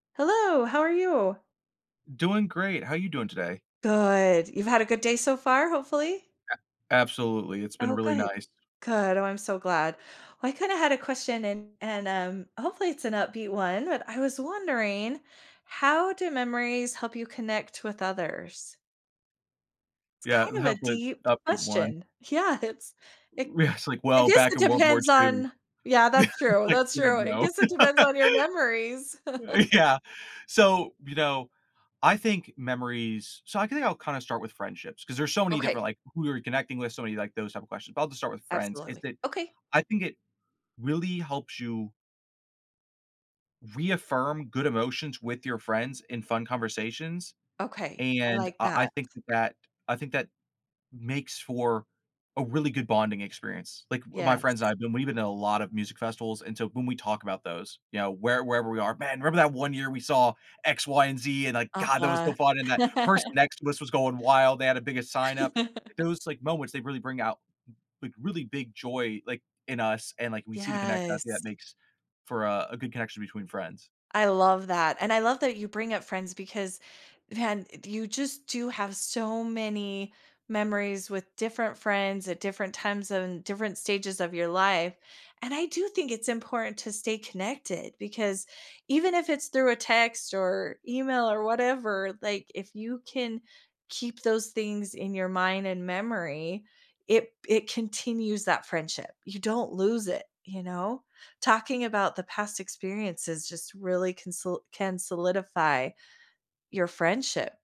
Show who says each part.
Speaker 1: Hello, how are you?
Speaker 2: Doing great. How you doing today?
Speaker 1: Good. You've had a good day so far, hopefully?
Speaker 2: A absolutely, it's been
Speaker 1: Oh,
Speaker 2: really
Speaker 1: good.
Speaker 2: nice.
Speaker 1: Good. Oh, I'm so glad. Well, I, kinda, had a question and and, um, hopefully it's an upbeat one, but I was wondering how do memories help you connect with others? It's,
Speaker 2: Yeah,
Speaker 1: kind of, a
Speaker 2: hopefully it's
Speaker 1: deep
Speaker 2: an upbeat one.
Speaker 1: question. Yeah, it's,
Speaker 2: W
Speaker 1: it
Speaker 2: w yeah, it's like,
Speaker 1: I
Speaker 2: well,
Speaker 1: guess
Speaker 2: back
Speaker 1: it
Speaker 2: in World War
Speaker 1: depends
Speaker 2: II,
Speaker 1: on Yeah, that's true,
Speaker 2: like,
Speaker 1: that's
Speaker 2: yeah,
Speaker 1: true. I
Speaker 2: no.
Speaker 1: guess it depends on your memories.
Speaker 2: Uh, yeah, so, you know, I think memories so I think I'll, kinda, start with friendships, 'cause there's so many
Speaker 1: Okay.
Speaker 2: different, like, who you're connecting with, so many like those type of questions, but I'll just start with friends, is
Speaker 1: Absolutely.
Speaker 2: that
Speaker 1: Okay.
Speaker 2: I think it really helps you reaffirm good emotions with your friends in fun conversations,
Speaker 1: Okay, I
Speaker 2: and
Speaker 1: like
Speaker 2: uh, I
Speaker 1: that.
Speaker 2: think that I think that makes for a really good bonding experience, like, w my friends and
Speaker 1: Yes.
Speaker 2: I've been we've been to a lot of music festivals, and so when we talk about those, you know, where wherever we are, "Man, remember that one year we saw X, Y, and Z, and, like, god, that was
Speaker 1: Uh-huh.
Speaker 2: so fun, and that person next to us was going wild, they had a big a sign up," those, like, moments, they really bring out, like, really big joy, like, in us, and, like, we see the connection, I think that
Speaker 1: Yes.
Speaker 2: makes for a a good connection between friends.
Speaker 1: I love that and I love that you bring up friends because then i you, just, do have so many memories with different friends at different times, and different stages of your life, and I do think it's important to stay connected because even if it's through a text or email or whatever, like, if you can keep those things in your mind, and memory, it it continues that friendship, you don't lose it, you know, talking about the past experiences, just, really can sol can solidify your friendship.